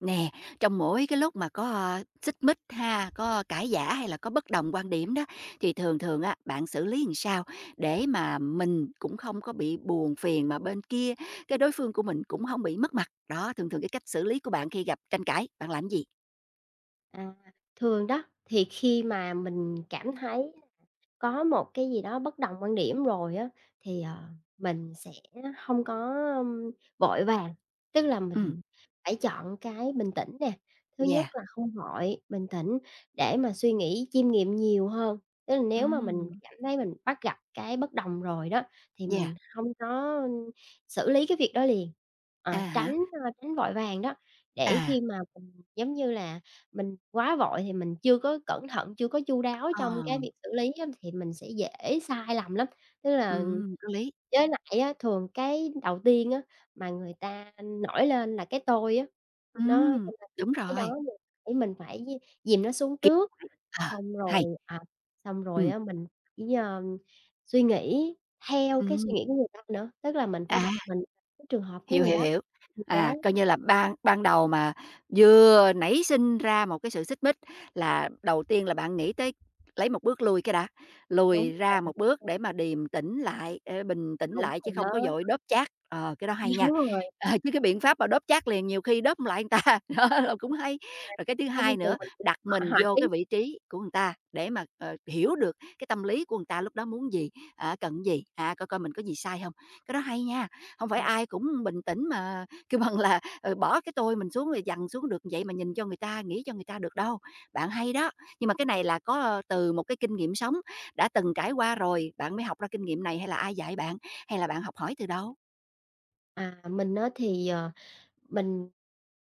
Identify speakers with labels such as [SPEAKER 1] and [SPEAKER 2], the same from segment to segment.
[SPEAKER 1] Nè, trong mỗi cái lúc mà có xích mích ha, có cãi vã, hay là có bất đồng quan điểm đó, thì thường thường á, bạn xử lý làm sao để mà mình cũng không có bị buồn phiền, mà bên kia cái đối phương của mình cũng hông bị mất mặt? Đó, thường thường cái cách xử lý của bạn khi gặp tranh cãi, bạn làm gì?
[SPEAKER 2] À, thường đó, thì khi mà mình cảm thấy có một cái gì đó bất đồng quan điểm rồi á, thì, ờ, mình sẽ hông có vội vàng. Tức là
[SPEAKER 1] Ừm.
[SPEAKER 2] mình phải chọn cái bình tĩnh nè, thứ nhất
[SPEAKER 1] Yeah.
[SPEAKER 2] là không vội, bình tĩnh, để mà suy nghĩ, chiêm nghiệm nhiều hơn. Tức là nếu mà mình
[SPEAKER 1] Ừm.
[SPEAKER 2] cảm thấy mình bắt gặp cái bất đồng rồi đó, thì
[SPEAKER 1] Yeah.
[SPEAKER 2] mình hông có xử lý cái việc đó liền. À,
[SPEAKER 1] À,
[SPEAKER 2] tránh,
[SPEAKER 1] hả.
[SPEAKER 2] ờ, tránh vội vàng đó, để
[SPEAKER 1] À.
[SPEAKER 2] khi mà mình, giống như là, mình quá vội thì mình chưa có cẩn thận, chưa có chu đáo trong cái
[SPEAKER 1] Ờ.
[SPEAKER 2] việc xử lý á, thì mình sẽ dễ sai lầm lắm. Tức là
[SPEAKER 1] Ừm, có lý.
[SPEAKER 2] với lại á, thường cái đầu tiên á mà người ta nổi lên là cái tôi á. Nó cho
[SPEAKER 1] Ừm,
[SPEAKER 2] nên
[SPEAKER 1] đúng
[SPEAKER 2] cái
[SPEAKER 1] rồi!
[SPEAKER 2] đó mình phải mình phải d dìm nó xuống
[SPEAKER 1] Kìm
[SPEAKER 2] trước,
[SPEAKER 1] lại, ờ,
[SPEAKER 2] xong
[SPEAKER 1] hay.
[SPEAKER 2] rồi, à, xong rồi
[SPEAKER 1] Ừm.
[SPEAKER 2] á mình chỉ, ờ, suy nghĩ theo cái suy nghĩ
[SPEAKER 1] Ừm.
[SPEAKER 2] của người ta nữa. Tức là mình phải
[SPEAKER 1] À.
[SPEAKER 2] đặt mình cái trường hợp của
[SPEAKER 1] Hiểu,
[SPEAKER 2] người
[SPEAKER 1] hiểu,
[SPEAKER 2] đó,
[SPEAKER 1] hiểu.
[SPEAKER 2] người đó.
[SPEAKER 1] À, coi như là ban ban đầu mà vừa nảy sinh ra một cái sự xích mích là đầu tiên là bạn nghĩ tới lấy 1 bước lui cái đã,
[SPEAKER 2] Đúng
[SPEAKER 1] lùi ra
[SPEAKER 2] rồi
[SPEAKER 1] 1 bước
[SPEAKER 2] [unintelligible]
[SPEAKER 1] để mà điềm tĩnh lại, ờ, bình tĩnh
[SPEAKER 2] Đúng
[SPEAKER 1] lại chứ
[SPEAKER 2] rồi đó.
[SPEAKER 1] không có vội đốp chát, ờ, cái đó hay
[SPEAKER 2] Đúng
[SPEAKER 1] nha!
[SPEAKER 2] rồi.
[SPEAKER 1] Ờ, chứ cái biện pháp mà đốp chát liền nhiều khi đốp hông lại người ta, đó, là cũng
[SPEAKER 2] [unintelligible]
[SPEAKER 1] hay. Rồi cái thứ
[SPEAKER 2] Thông
[SPEAKER 1] 2
[SPEAKER 2] thường
[SPEAKER 1] nữa,
[SPEAKER 2] mình cũng
[SPEAKER 1] đặt
[SPEAKER 2] h
[SPEAKER 1] mình
[SPEAKER 2] hạn
[SPEAKER 1] vô
[SPEAKER 2] chế.
[SPEAKER 1] cái vị trí của người ta để mà, ờ, hiểu được cái tâm lý của người ta lúc đó muốn gì, á, cần cái gì, à, coi coi mình có gì sai hông? Cái đó hay nha, không phải
[SPEAKER 2] Ờ.
[SPEAKER 1] ai cũng bình tĩnh mà kêu bằng là, ờ, bỏ cái tôi mình xuống, rồi dằn xuống được vậy mà nhìn cho người ta, nghĩ cho người ta được đâu. Bạn hay đó, nhưng mà cái này là có, ờ, từ một cái kinh nghiệm sống đã từng trải qua rồi, bạn mới học ra kinh nghiệm này, hay là ai dạy bạn, hay là bạn học hỏi từ đâu?
[SPEAKER 2] À, mình á, thì, ờ, mình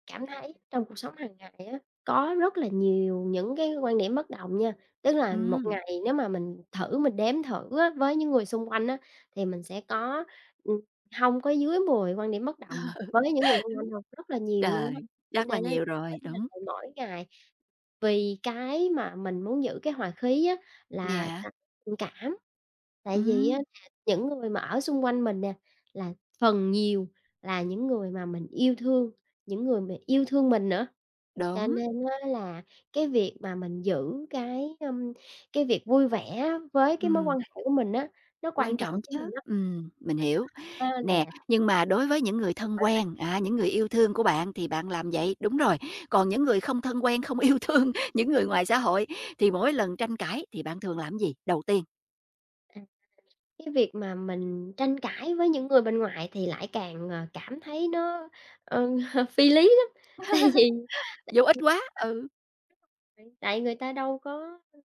[SPEAKER 2] cảm thấy trong cuộc sống hàng ngày á, có rất là nhiều những cái quan điểm bất đồng nha. Tức là một
[SPEAKER 1] Ừm.
[SPEAKER 2] ngày nếu mà mình thử mình đếm thử á với những người xung quanh á, thì mình sẽ có, ừm, hông có dưới 10 quan điểm bất
[SPEAKER 1] Ờ, đúng.
[SPEAKER 2] đồng với những người xung quanh đâu, rất là nhiều luôn á.
[SPEAKER 1] Trời,
[SPEAKER 2] Cho
[SPEAKER 1] chắc là
[SPEAKER 2] nên á
[SPEAKER 1] nhiều
[SPEAKER 2] mỗi
[SPEAKER 1] rồi,
[SPEAKER 2] ngày,
[SPEAKER 1] đúng.
[SPEAKER 2] mỗi ngày vì cái mà mình muốn giữ cái hoà khí á là c
[SPEAKER 1] Yeah.
[SPEAKER 2] tình cảm, tại vì á
[SPEAKER 1] Ừm.
[SPEAKER 2] là những người mà ở xung quanh mình nè là phần nhiều là những người mà mình yêu thương, những người mà yêu thương mình nữa, cho
[SPEAKER 1] Đúng.
[SPEAKER 2] nên á là cái việc mà mình giữ cái, ưm, cái việc vui vẻ á với cái mối
[SPEAKER 1] Ừm.
[SPEAKER 2] quan hệ của mình á, nó
[SPEAKER 1] Quan
[SPEAKER 2] quan
[SPEAKER 1] trọng
[SPEAKER 2] trọng với
[SPEAKER 1] chớ,
[SPEAKER 2] mình lắm.
[SPEAKER 1] ừm, mình
[SPEAKER 2] Mình
[SPEAKER 1] hiểu.
[SPEAKER 2] hên
[SPEAKER 1] Nè,
[SPEAKER 2] là
[SPEAKER 1] nhưng mà đối với những người thân
[SPEAKER 2] [unintelligible]
[SPEAKER 1] quen á, những người yêu thương của bạn, thì bạn làm vậy, đúng rồi. Còn những người không thân quen, không yêu thương, những người ngoài xã hội, thì mỗi lần tranh cãi thì bạn thường làm cái gì đầu tiên?
[SPEAKER 2] À, cái việc mà mình tranh cãi với những người bên ngoài thì lại càng, ờ, cảm thấy nó, ừ, ờ, phi lý lắm, tại vì
[SPEAKER 1] Vô
[SPEAKER 2] tại
[SPEAKER 1] ích quá,
[SPEAKER 2] [unintelligible]
[SPEAKER 1] ừ.
[SPEAKER 2] tại tại người ta đâu có, ưm,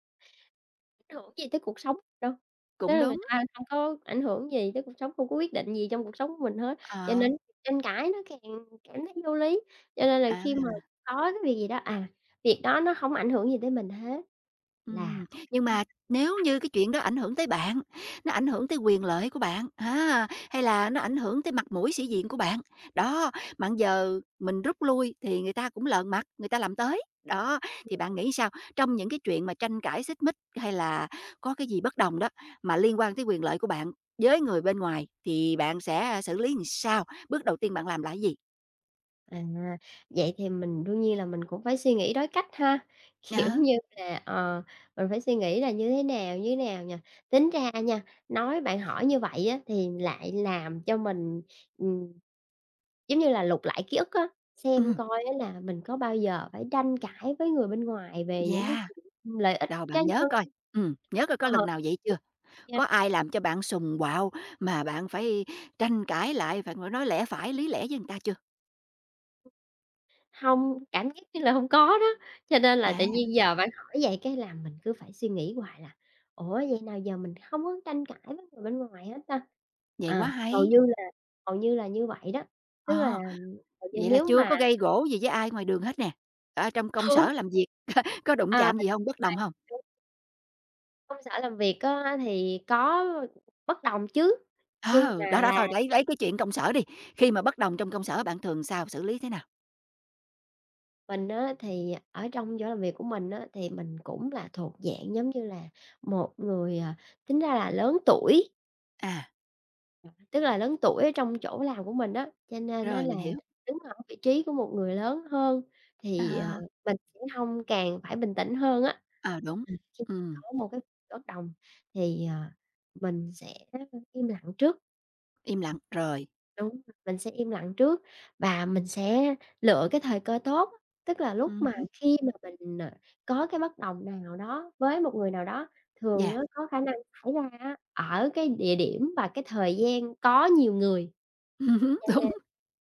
[SPEAKER 2] ảnh hưởng gì tới cuộc sống đâu. Tức
[SPEAKER 1] Cũng
[SPEAKER 2] là người
[SPEAKER 1] đúng.
[SPEAKER 2] ta không có ảnh hưởng gì tới cuộc sống, không có quyết định gì trong cuộc sống của mình hết, cho
[SPEAKER 1] Ờ.
[SPEAKER 2] nên tranh cãi nó càng cảm thấy vô lý, cho nên là khi mà
[SPEAKER 1] À.
[SPEAKER 2] có cái việc gì đó, à, việc đó nó hông ảnh hưởng gì tới mình hết, là
[SPEAKER 1] Ừm, nhưng mà nếu
[SPEAKER 2] [unintelligible]
[SPEAKER 1] như cái chuyện đó ảnh hưởng tới bạn, nó ảnh hưởng tới quyền lợi của bạn á, hay là nó ảnh hưởng tới mặt mũi, sĩ diện của bạn, đó, mà bây giờ mình rút lui thì người ta cũng lờn mặt, người ta làm tới. Đó, thì bạn
[SPEAKER 2] [unintelligible]
[SPEAKER 1] nghĩ sao, trong những cái chuyện mà tranh cãi, xích mích hay là có cái gì bất đồng đó mà liên quan tới quyền lợi của bạn với người bên ngoài, thì bạn sẽ xử lý làm sao, bước đầu tiên bạn làm là cái gì?
[SPEAKER 2] À, vậy thì mình đương nhiên là mình cũng phải suy nghĩ đối cách ha? Kiểu
[SPEAKER 1] Ờ.
[SPEAKER 2] như là, ờ, mình phải suy nghĩ là như thế nào, như thế nào nhỉ? Tính ra nha, nói bạn hỏi như vậy á thì lại làm cho mình, ừm, giống như là, lục lại ký ức á, xem
[SPEAKER 1] Ừm.
[SPEAKER 2] coi á là mình có bao giờ phải tranh cãi với người bên ngoài về những cái
[SPEAKER 1] Yeah,
[SPEAKER 2] chuyện lợi ích
[SPEAKER 1] đâu
[SPEAKER 2] cá
[SPEAKER 1] bạn nhớ
[SPEAKER 2] nhân
[SPEAKER 1] coi, ừm, nhớ coi có
[SPEAKER 2] ờ,
[SPEAKER 1] lần nào vậy chưa?
[SPEAKER 2] yeah.
[SPEAKER 1] Có ai làm cho bạn sùng, quạo mà bạn phải tranh cãi lại, phải ngồi nói lẽ phải, lý lẽ với người ta chưa?
[SPEAKER 2] Hông, cảm giác như là hông có đó, cho nên là tự
[SPEAKER 1] À.
[SPEAKER 2] nhiên giờ bạn hỏi vậy cái làm mình cứ phải suy nghĩ hoài là "Ủa, vậy nào giờ mình không có tranh cãi với người bên ngoài hả ta?".
[SPEAKER 1] Vậy quá
[SPEAKER 2] À, hầu
[SPEAKER 1] hay.
[SPEAKER 2] như là hầu như là như vậy đó, tức là
[SPEAKER 1] Ờ,
[SPEAKER 2] hầu như
[SPEAKER 1] vậy là
[SPEAKER 2] nếu
[SPEAKER 1] chưa
[SPEAKER 2] mà
[SPEAKER 1] có gây gổ gì với ai ngoài đường hết nè, ở trong công
[SPEAKER 2] Không.
[SPEAKER 1] sở làm việc có đụng
[SPEAKER 2] À, m
[SPEAKER 1] chạm
[SPEAKER 2] rồi,
[SPEAKER 1] gì hông, bất đồng hông?
[SPEAKER 2] đúng. Công sở làm việc á, thì có bất đồng chứ, nhưng
[SPEAKER 1] Ờ, đó
[SPEAKER 2] mà
[SPEAKER 1] đó
[SPEAKER 2] là
[SPEAKER 1] thôi lấy lấy cái chuyện công sở đi, khi mà bất đồng trong công sở bạn thường sao, xử lý thế nào?
[SPEAKER 2] Mình á, thì ở trong chỗ làm việc của mình á, thì mình cũng là thuộc dạng giống như là một người, à, tính ra là lớn tuổi.
[SPEAKER 1] À.
[SPEAKER 2] Tức là lớn tuổi ở trong chỗ làm của mình á, cho nên á,
[SPEAKER 1] Rồi,
[SPEAKER 2] là
[SPEAKER 1] mình hiểu.
[SPEAKER 2] đứng ở vị trí của một người lớn hơn, thì, ờ,
[SPEAKER 1] À.
[SPEAKER 2] mình sẽ hông càng phải bình tĩnh hơn á.
[SPEAKER 1] Ờ, đúng,
[SPEAKER 2] Ừm, khi mà
[SPEAKER 1] ừm.
[SPEAKER 2] có một cái bất đồng, thì, ờ, mình sẽ im lặng trước.
[SPEAKER 1] Im lặng, rồi.
[SPEAKER 2] Đúng, mình sẽ im lặng trước và mình sẽ lựa cái thời cơ tốt, tức là lúc
[SPEAKER 1] Ừm
[SPEAKER 2] mà
[SPEAKER 1] hứm.
[SPEAKER 2] khi mà mình, à, có cái bất đồng nào đó với một người nào đó, thường
[SPEAKER 1] Yeah.
[SPEAKER 2] á, có khả năng xảy ra á, ở cái địa điểm và cái thời gian có nhiều người.
[SPEAKER 1] Ừm hứm,
[SPEAKER 2] Cho
[SPEAKER 1] đúng,
[SPEAKER 2] nên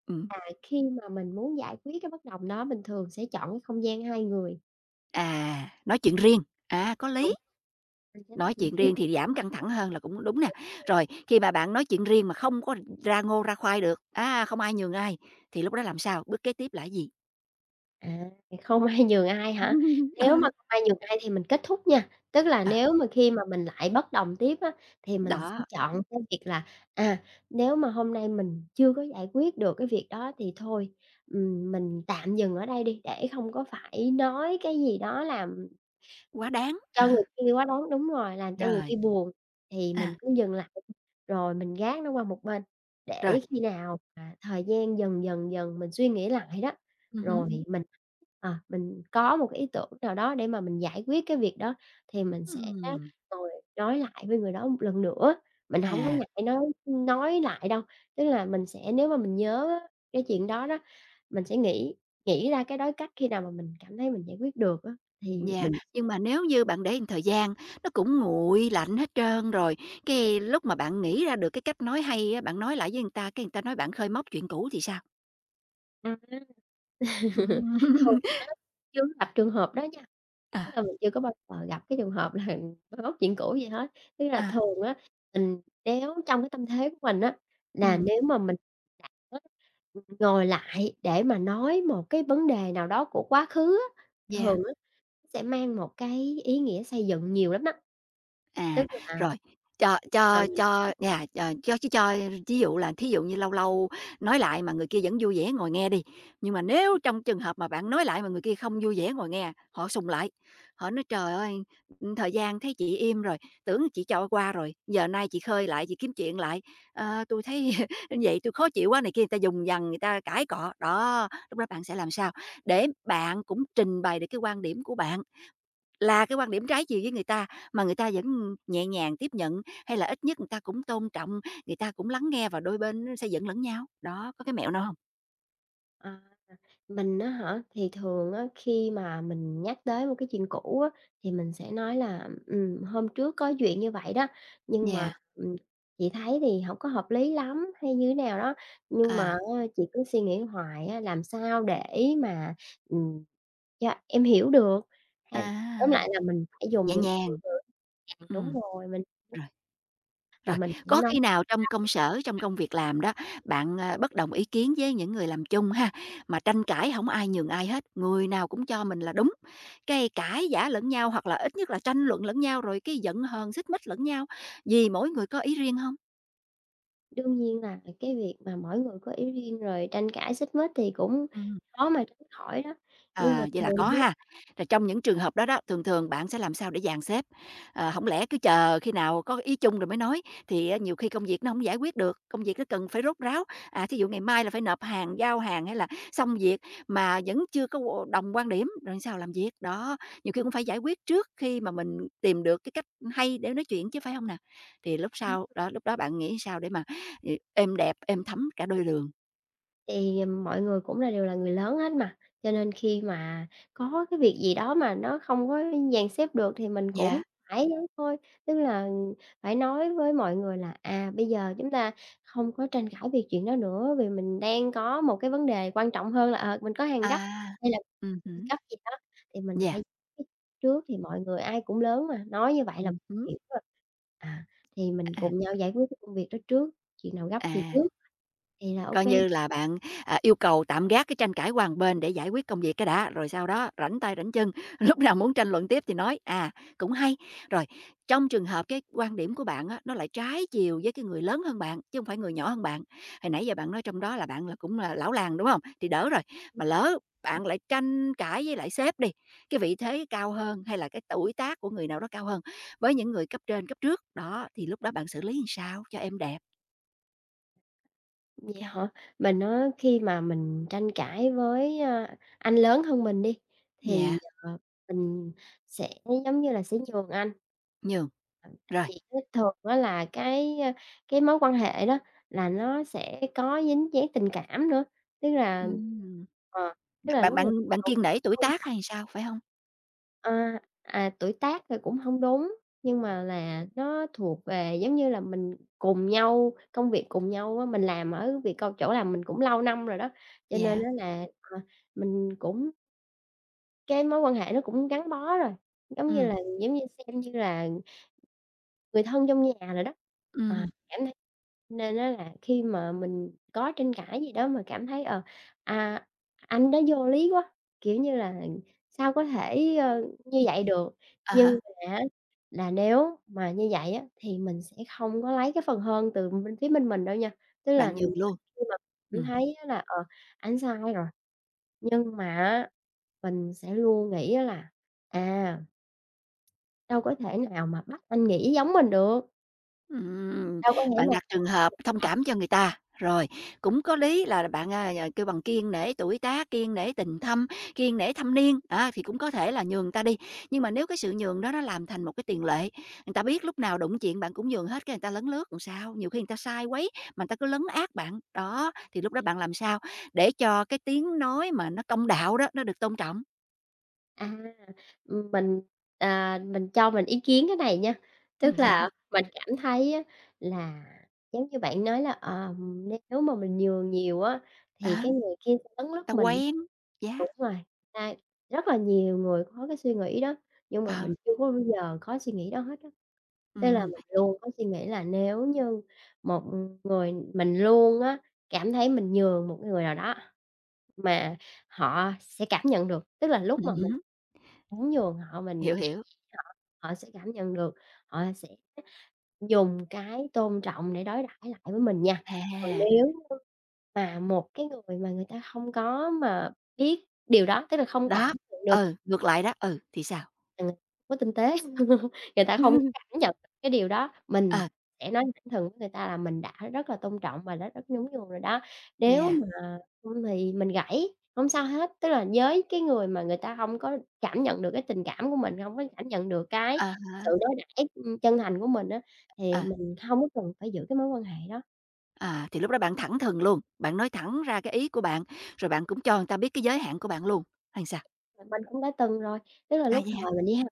[SPEAKER 1] ừm.
[SPEAKER 2] là khi mà mình muốn giải quyết cái bất đồng đó mình thường sẽ chọn cái không gian 2 người.
[SPEAKER 1] À, nói chuyện riêng, à, có
[SPEAKER 2] Đúng.
[SPEAKER 1] lý.
[SPEAKER 2] Mình sẽ nói
[SPEAKER 1] Nói
[SPEAKER 2] chuyện
[SPEAKER 1] chuyện
[SPEAKER 2] riêng.
[SPEAKER 1] riêng thì giảm căng thẳng hơn là cũng đúng nè.
[SPEAKER 2] Đúng vậy.
[SPEAKER 1] Rồi khi mà bạn nói chuyện riêng mà không có ra ngô ra khoai được, a, không ai nhường ai, thì lúc đó làm sao, bước kế tiếp là gì?
[SPEAKER 2] À, không ai nhường ai hả? Nếu mà
[SPEAKER 1] Ừ.
[SPEAKER 2] không ai nhường ai thì mình kết thúc nha. Tức là
[SPEAKER 1] À.
[SPEAKER 2] nếu mà khi mà mình lại bất đồng tiếp á, thì mình sẽ
[SPEAKER 1] Đó.
[SPEAKER 2] chọn cái việc là, à, nếu mà hôm nay mình chưa có giải quyết được cái việc đó, thì thôi, ừm, mình tạm dừng ở đây đi để không có phải nói cái gì đó làm
[SPEAKER 1] Quá đáng, ờ.
[SPEAKER 2] cho người kia quá đáng đúng rồi, làm cho người kia
[SPEAKER 1] Rồi.
[SPEAKER 2] buồn. Thì
[SPEAKER 1] À.
[SPEAKER 2] mình cứ dừng lại, rồi mình gác nó qua một bên,
[SPEAKER 1] Rồi.
[SPEAKER 2] để khi nào mà thời gian dần dần dần mình suy nghĩ lại đó,
[SPEAKER 1] Ừm hứm.
[SPEAKER 2] rồi mình, à, mình có 1 ý tưởng nào đó để mà mình giải quyết cái việc đó, thì mình sẽ
[SPEAKER 1] Ừm.
[SPEAKER 2] ngồi nói lại với người đó 1 lần nữa, mình hông có
[SPEAKER 1] À.
[SPEAKER 2] ngại nói nói lại đâu. Tức là mình sẽ nếu mà mình nhớ á cái chuyện đó đó, mình sẽ nghĩ nghĩ ra cái đối cách, khi nào mà mình cảm thấy mình giải quyết được á thì
[SPEAKER 1] Yeah,
[SPEAKER 2] mình
[SPEAKER 1] nhưng mà nếu như bạn để một thời gian, nó cũng nguội lạnh hết trơn rồi, cái, lúc mà bạn nghĩ ra được cái cách nói hay á, bạn nói lại với người ta, cái người ta nói bạn khơi móc chuyện cũ thì sao?
[SPEAKER 2] Ừm ha.
[SPEAKER 1] Ừm.
[SPEAKER 2] Thường á chưa có gặp trường hợp đó nha, tức
[SPEAKER 1] À.
[SPEAKER 2] là mình chưa có bao giờ gặp cái trường hợp là moi móc chuyện cũ gì hết. Tức là
[SPEAKER 1] À.
[SPEAKER 2] thường á mình nếu trong cái tâm thế của mình á là
[SPEAKER 1] Ừm.
[SPEAKER 2] nếu mà mình cảm á, ừm, ngồi lại để mà nói một cái vấn đề nào đó của quá khứ á,
[SPEAKER 1] Yeah.
[SPEAKER 2] thường á sẽ mang một cái ý nghĩa xây dựng nhiều lắm đó. Tức
[SPEAKER 1] À,
[SPEAKER 2] là
[SPEAKER 1] rồi, cho
[SPEAKER 2] mà
[SPEAKER 1] cho
[SPEAKER 2] mình
[SPEAKER 1] cho
[SPEAKER 2] ưm.
[SPEAKER 1] nhà ch cho ch cho thí dụ là, thí dụ như lâu lâu nói lại mà người kia vẫn vui vẻ ngồi nghe đi. Nhưng mà nếu trong trường hợp mà bạn nói lại mà người kia không vui vẻ ngồi nghe, họ sùng lại, họ nói: "Trời ơi, thời gian thấy chị im rồi, tưởng chị cho qua rồi, giờ nay chị khơi lại, chị kiếm chuyện lại. Ờ, tui thấy vậy, tui khó chịu quá" này kia, người ta vùng vằng, người ta cãi cọ. Đó, lúc đó bạn sẽ làm sao, để bạn cũng trình bày được cái quan điểm của bạn là cái quan điểm trái chiều với người ta, mà người ta vẫn nhẹ nhàng tiếp nhận? Hay là ít nhất người ta cũng tôn trọng, người ta cũng lắng nghe và đôi bên nó sẽ dẫn lẫn nhau? Đó, có cái mẹo nào hông?
[SPEAKER 2] À, mình á hả? Thì thường á khi mà mình nhắc tới một cái chuyện cũ á, thì mình sẽ nói là, ừm, hôm trước có chuyện như vậy đó, nhưng mà,
[SPEAKER 1] Yeah.
[SPEAKER 2] ừm, chị thấy thì hổng có hợp lý lắm hay như thế nào đó, nhưng mà
[SPEAKER 1] À.
[SPEAKER 2] á chị cứ suy nghĩ hoài á, làm sao để mà, ừm, cho em hiểu được hay tóm
[SPEAKER 1] À!
[SPEAKER 2] lại là mình phải dùng
[SPEAKER 1] Nhẹ
[SPEAKER 2] những cái
[SPEAKER 1] nhàng.
[SPEAKER 2] ngôn từ giằng, đúng
[SPEAKER 1] Ừm.
[SPEAKER 2] rồi, mình cũng
[SPEAKER 1] Rồi.
[SPEAKER 2] và
[SPEAKER 1] Rồi,
[SPEAKER 2] mình cũng
[SPEAKER 1] có
[SPEAKER 2] nói
[SPEAKER 1] khi nào trong công sở,
[SPEAKER 2] là
[SPEAKER 1] trong
[SPEAKER 2] [unintelligible]
[SPEAKER 1] công việc làm đó, bạn, a, bất đồng ý kiến với những người làm chung ha, mà tranh cãi hổng ai nhường ai hết, người nào cũng cho mình là đúng, cái cãi vã lẫn nhau hoặc là ít nhất là tranh luận lẫn nhau rồi cái giận hờn, xích mích lẫn nhau, vì mỗi người có ý riêng hông?
[SPEAKER 2] Đương nhiên là về cái việc mà mỗi người có ý riêng rồi tranh cãi xích mích thì cũng
[SPEAKER 1] Ừm.
[SPEAKER 2] khó mà tránh khỏi đó, nhưng mà
[SPEAKER 1] À, vậy là
[SPEAKER 2] thường
[SPEAKER 1] có
[SPEAKER 2] á
[SPEAKER 1] ha, rồi trong những trường hợp đó đó, thường thường bạn sẽ làm sao để dàn xếp? Ờ, hổng lẽ cứ chờ khi nào có ý chung rồi mới nói, thì á nhiều khi công việc nó hổng giải quyết được, công việc nó cần phải rốt ráo, à, thí dụ ngày mai là phải nộp hàng, giao hàng hay là xong việc mà vẫn chưa có đồng quan điểm, rồi sao làm việc? Đó, nhiều khi cũng phải giải quyết trước khi mà mình tìm được cái cách hay để nói chuyện chứ, phải hông nào? Thì lúc
[SPEAKER 2] Ừm.
[SPEAKER 1] sau, đó, lúc đó bạn nghĩ sao để mà ê êm đẹp, êm thấm cả đôi đường.
[SPEAKER 2] Thì, ừm, mọi người cũng là đều là người lớn hết mà, cho nên khi mà có cái việc gì đó mà nó không có dàn xếp được, thì mình cũng
[SPEAKER 1] Yeah.
[SPEAKER 2] phải thôi. Tức là phải nói với mọi người là, à, bây giờ chúng ta không có tranh cãi về chuyện đó nữa, vì mình đang có một cái vấn đề quan trọng hơn là, ờ, mình có hàng gấp
[SPEAKER 1] À.
[SPEAKER 2] hay là
[SPEAKER 1] Ừm hứm.
[SPEAKER 2] gấp gì đó, thì mình
[SPEAKER 1] Yeah.
[SPEAKER 2] phải th trước thì mọi người ai cũng lớn mà, nói như vậy là
[SPEAKER 1] Ừm hứm.
[SPEAKER 2] hiểu rồi. À, thì mình
[SPEAKER 1] À.
[SPEAKER 2] cùng nhau giải quyết cái công việc đó trước, chuyện nào gấp thì
[SPEAKER 1] À.
[SPEAKER 2] trước, thì là ô
[SPEAKER 1] Coi
[SPEAKER 2] kê.
[SPEAKER 1] như là bạn, à, yêu cầu tạm gác cái tranh cãi qua một bên để giải quyết công việc cái đã, rồi sau đó rảnh tay rảnh chân, lúc nào muốn tranh luận tiếp thì nói, à. Cũng hay. Rồi. Trong trường hợp cái quan điểm của bạn á, nó lại trái chiều với cái người lớn hơn bạn, chứ hông phải người nhỏ hơn bạn. Hồi nãy giờ bạn nói trong đó là bạn là cũng là lão làng, đúng hông? Thì đỡ rồi, mà lỡ bạn lại tranh cãi với lại sếp đi, cái vị thế cao hơn, hay là cái tuổi tác của người nào đó cao hơn với những người cấp trên cấp trước. Đó. Thì lúc đó bạn xử lý làm sao cho êm đẹp?
[SPEAKER 2] Vậy hả. Mình á khi mà mình tranh cãi với, a, anh lớn hơn mình đi, thì,
[SPEAKER 1] Yeah.
[SPEAKER 2] ờ, mình sẽ giống như là sẽ nhường anh.
[SPEAKER 1] Nhường.
[SPEAKER 2] [unintelligible]
[SPEAKER 1] Rồi.
[SPEAKER 2] Gì chứ thường á là cái, ơ, cái mối quan hệ đó là nó sẽ có dính dáng tình cảm nữa. Tức là
[SPEAKER 1] Ừm.
[SPEAKER 2] ờ, tức
[SPEAKER 1] Bạn
[SPEAKER 2] là
[SPEAKER 1] bạn
[SPEAKER 2] lúc này
[SPEAKER 1] bạn bạn
[SPEAKER 2] vẫn
[SPEAKER 1] kiêng nể tuổi
[SPEAKER 2] tôn
[SPEAKER 1] tác
[SPEAKER 2] trọng.
[SPEAKER 1] hay sao? Phải hông?
[SPEAKER 2] À, à, tuổi tác thì cũng hông đúng, nhưng mà là nó thuộc về, giống như là, mình cùng nhau, công việc cùng nhau á. Mình làm ở việc c chỗ làm mình cũng lâu năm rồi đó, cho nên
[SPEAKER 1] Yeah.
[SPEAKER 2] á là, ờ, mình cũng cái mối quan hệ nó cũng gắn bó rồi, giống như
[SPEAKER 1] Ừm.
[SPEAKER 2] là, giống như xem như là, người thân trong nhà rồi đó. Ờ,
[SPEAKER 1] Ừm.
[SPEAKER 2] cảm thấy nên á là khi mà mình có tranh cãi gì đó mà cảm thấy, ờ, à, anh đó vô lý quá, kiểu như là, sao có thể, ờ, như
[SPEAKER 1] Ừm.
[SPEAKER 2] vậy được.
[SPEAKER 1] À há.
[SPEAKER 2] Nhưng mà á, là nếu mà như vậy á, thì mình sẽ hông có lấy cái phần hơn từ bên phía bên mình đâu nha, tức là
[SPEAKER 1] Bạn nhường luôn.
[SPEAKER 2] khi mà cảm
[SPEAKER 1] Ừm.
[SPEAKER 2] thấy á là, ờ, ảnh sai rồi, nhưng mà á, mình sẽ luôn nghĩ á là, à đâu có thể nào mà bắt anh nghĩ giống mình được?
[SPEAKER 1] Ừm,
[SPEAKER 2] Đâu có nghĩ
[SPEAKER 1] bạn
[SPEAKER 2] là
[SPEAKER 1] đặt trường hợp thông
[SPEAKER 2] phải [unintelligible]
[SPEAKER 1] cảm cho người ta, rồi, cũng có lý là bạn, à, à, kêu bằng kiêng nể tuổi tác, kiêng nể tình thâm, kiêng nể thâm niên, đó, thì cũng có thể là nhường ta đi. Nhưng mà nếu cái sự nhường đó nó làm thành một cái tiền lệ, người ta biết lúc nào đụng chuyện bạn cũng nhường hết, cái người ta lấn lướt rồi sao? Nhiều khi người ta sai quấy, mà ta cứ lấn át bạn, đó, thì lúc đó bạn làm sao để cho cái tiếng nói mà nó công đạo đó nó được tôn trọng?
[SPEAKER 2] À, ừm, mình, ờ, mình cho mình ý kiến cái này nha,
[SPEAKER 1] Ừm,
[SPEAKER 2] tức
[SPEAKER 1] sao
[SPEAKER 2] là
[SPEAKER 1] à?
[SPEAKER 2] mình cảm thấy á là giống như bạn nói là, ờ, nếu mà mình nhường nhiều á,
[SPEAKER 1] Ờ.
[SPEAKER 2] thì cái người kia cũng lấn
[SPEAKER 1] Ta
[SPEAKER 2] lướt mình.
[SPEAKER 1] quen, yeah.
[SPEAKER 2] Đúng rồi, à, rất là nhiều người có cái suy nghĩ đó, nhưng mà
[SPEAKER 1] Ờ.
[SPEAKER 2] mình chưa có bao giờ có suy nghĩ đó hết á. Nên
[SPEAKER 1] Ừm,
[SPEAKER 2] là
[SPEAKER 1] ừm.
[SPEAKER 2] mình luôn có suy nghĩ là nếu như một người mình luôn á, cảm thấy mình nhường một cái người nào đó, mà họ sẽ cảm nhận được. Tức là lúc mà
[SPEAKER 1] Ừm
[SPEAKER 2] mình
[SPEAKER 1] hứm.
[SPEAKER 2] muốn nhường họ mình
[SPEAKER 1] Hiểu,
[SPEAKER 2] nhẹ
[SPEAKER 1] hiểu.
[SPEAKER 2] nhàng với họ, họ sẽ cảm nhận được, họ sẽ dùng cái tôn trọng để đối đãi lại với mình nha. Còn
[SPEAKER 1] À.
[SPEAKER 2] nếu như mà một cái người mà người ta hông có mà biết điều đó, tức là không
[SPEAKER 1] Đó,
[SPEAKER 2] cảm nhận được
[SPEAKER 1] ừ, ngược lại đó, ừ, thì sao?
[SPEAKER 2] Ờ, không có tinh tế, người ta hông cảm nhận được cái điều đó, mình
[SPEAKER 1] Ờ.
[SPEAKER 2] sẽ nói thẳng thừng với người ta là mình đã rất là tôn trọng và đã rất nhún nhường rồi đó. Nếu
[SPEAKER 1] Yeah.
[SPEAKER 2] mà không thì mình gãy hông sao hết, tức là với cái người mà người ta hông có cảm nhận được cái tình cảm của mình, hông có cảm nhận được cái
[SPEAKER 1] À
[SPEAKER 2] sự
[SPEAKER 1] há.
[SPEAKER 2] đối đãi, ưm, chân thành của mình á, thì
[SPEAKER 1] À.
[SPEAKER 2] mình hông có cần phải giữ cái mối quan hệ đó.
[SPEAKER 1] À, thì lúc đó bạn thẳng thừng luôn, bạn nói thẳng ra cái ý của bạn, rồi bạn cũng cho người ta biết cái giới hạn của bạn luôn hay sao?
[SPEAKER 2] Thì mình cũng đã từng rồi, tức là
[SPEAKER 1] À,
[SPEAKER 2] lúc
[SPEAKER 1] vậy hả?
[SPEAKER 2] thời mình đi ha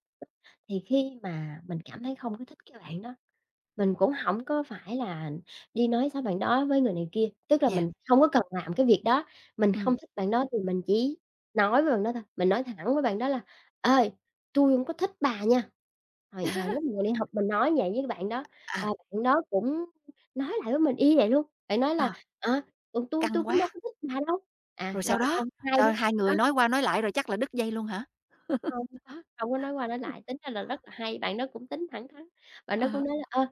[SPEAKER 2] thì khi mà mình cảm thấy không có thích cái bạn đó, mình cũng hổng có phải là đi nói xấu bạn đó với người này kia, tức là
[SPEAKER 1] Yeah.
[SPEAKER 2] mình hông có cần làm cái việc đó. Mình
[SPEAKER 1] Ừm.
[SPEAKER 2] không thích bạn đó thì mình chỉ nói với bạn đó thôi, mình nói thẳng với bạn đó là "Ê, tui hổng có thích bà nha." Hồi hồi lúc mình còn đi học mình nói vậy với bạn đó và
[SPEAKER 1] À.
[SPEAKER 2] bạn đó cũng, ưm, nói lại với mình y như vậy luôn, bạn nói là,
[SPEAKER 1] À.
[SPEAKER 2] à, ừ, "Tui
[SPEAKER 1] Căng
[SPEAKER 2] tui cũng
[SPEAKER 1] quá.
[SPEAKER 2] đâu có thích bà đâu," à,
[SPEAKER 1] Rồi
[SPEAKER 2] rồi
[SPEAKER 1] sau đó
[SPEAKER 2] xong hai đứa
[SPEAKER 1] sau hai
[SPEAKER 2] á
[SPEAKER 1] người nói qua nói lại rồi chắc là đứt dây luôn hả?
[SPEAKER 2] Hông có, không có nói qua nói lại, tính ra là rất là hay, bạn đó cũng tính thẳng thắn, bạn đó
[SPEAKER 1] À
[SPEAKER 2] cũng
[SPEAKER 1] hả.
[SPEAKER 2] nói là, ờ,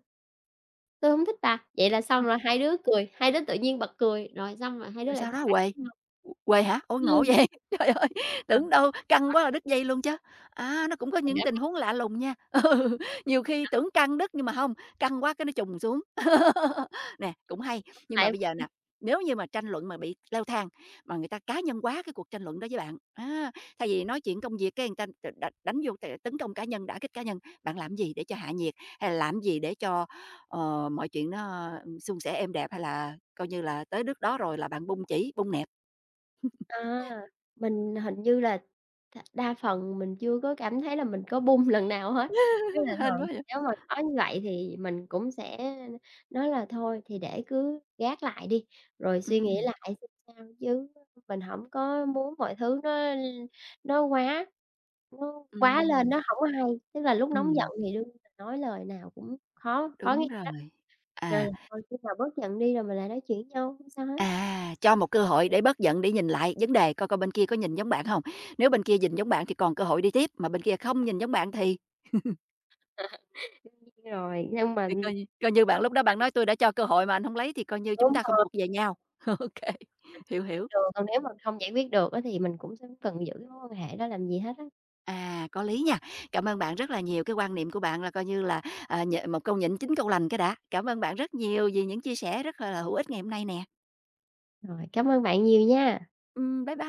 [SPEAKER 2] "tui hổng thích bà," vậy là xong
[SPEAKER 1] À.
[SPEAKER 2] là hai đứa cười, hai đứa tự nhiên bật cười, rồi xong rồi hai đứa
[SPEAKER 1] Rồi
[SPEAKER 2] lại
[SPEAKER 1] sao
[SPEAKER 2] thành
[SPEAKER 1] đó
[SPEAKER 2] bạn
[SPEAKER 1] huề,
[SPEAKER 2] với nhau.
[SPEAKER 1] ừm, huề hả? Ôi, ngộ
[SPEAKER 2] [unintelligible]
[SPEAKER 1] vậy, trời ơi,
[SPEAKER 2] Ờ.
[SPEAKER 1] tưởng đâu căng quá rồi
[SPEAKER 2] [unintelligible]
[SPEAKER 1] đứt dây luôn chớ. À, nó cũng có những tình
[SPEAKER 2] [unintelligible]
[SPEAKER 1] huống lạ lùng nha, ừ, nhiều khi
[SPEAKER 2] Đó.
[SPEAKER 1] tưởng căng đứt nhưng mà hông, căng quá cái nó chùng xuống. Nè, cũng hay,
[SPEAKER 2] Xong
[SPEAKER 1] nhưng mà
[SPEAKER 2] lại
[SPEAKER 1] bây giờ
[SPEAKER 2] ừm.
[SPEAKER 1] nà, nếu như mà tranh luận mà bị leo thang, mà người ta cá nhân hóa cái cuộc tranh luận đó với bạn, á, thay vì nói chuyện công việc cái người ta đ đ đánh vô cái tấn công cá nhân, đả kích cá nhân, bạn làm gì để cho hạ nhiệt? Hay là làm gì để cho, ờ, mọi chuyện nó, ừm, suôn sẻ, êm đẹp hay là coi như là tới nước đó rồi là bạn bung chỉ, bung nẹp?
[SPEAKER 2] À, mình hình như là đ đa phần mình chưa có cảm thấy là mình có bung lần nào hết. Ý là
[SPEAKER 1] Hên quá
[SPEAKER 2] thường
[SPEAKER 1] vậy.
[SPEAKER 2] nếu mà có như vậy thì mình cũng sẽ nói là thôi thì để cứ gác lại đi, rồi suy nghĩ
[SPEAKER 1] Ừm.
[SPEAKER 2] lại xem sao chứ mình hổng có muốn mọi thứ nó l nó quá nó quá lên,
[SPEAKER 1] Ừm.
[SPEAKER 2] nó hổng có hay. Tức là lúc nóng giận
[SPEAKER 1] Ừm.
[SPEAKER 2] thì đương nhiên mình nói lời nào cũng khó khó nghe
[SPEAKER 1] Đúng
[SPEAKER 2] á,
[SPEAKER 1] rồi,
[SPEAKER 2] nên
[SPEAKER 1] à.
[SPEAKER 2] là thôi khi nào bớt giận đi rồi mình lại nói chuyện với nhau, không sao hết.
[SPEAKER 1] À, cho một cơ hội để bớt giận, để nhìn lại vấn đề coi coi bên kia có nhìn giống bạn hông, nếu bên kia nhìn giống bạn thì còn cơ hội đi tiếp, mà bên kia không nhìn giống bạn thì
[SPEAKER 2] À, đương nhiên rồi, nhưng mà,
[SPEAKER 1] Thì
[SPEAKER 2] ừm
[SPEAKER 1] coi như coi như bạn lúc đó bạn
[SPEAKER 2] [unintelligible]
[SPEAKER 1] nói: "Tui đã cho cơ hội mà anh hông lấy thì coi như chúng
[SPEAKER 2] Đúng
[SPEAKER 1] ta không
[SPEAKER 2] rồi.
[SPEAKER 1] thuộc về nhau," ô kê,
[SPEAKER 2] Ảnh cũng
[SPEAKER 1] hiểu,
[SPEAKER 2] biết
[SPEAKER 1] hiểu.
[SPEAKER 2] đường, còn nếu mà không giải quyết được á thì mình cũng không cần giữ cái mối quan hệ đó làm gì hết á.
[SPEAKER 1] À, có lý nha. Cảm ơn bạn rất là nhiều, cái quan niệm của bạn là coi như là, ờ, nh một câu nhịn chín câu lành cái đã. Cảm ơn bạn rất nhiều vì những chia sẻ rất, gọi là, hữu ích ngày hôm nay nè.
[SPEAKER 2] Rồi, cám ơn bạn nhiều nha.
[SPEAKER 1] Ừm, bye bye.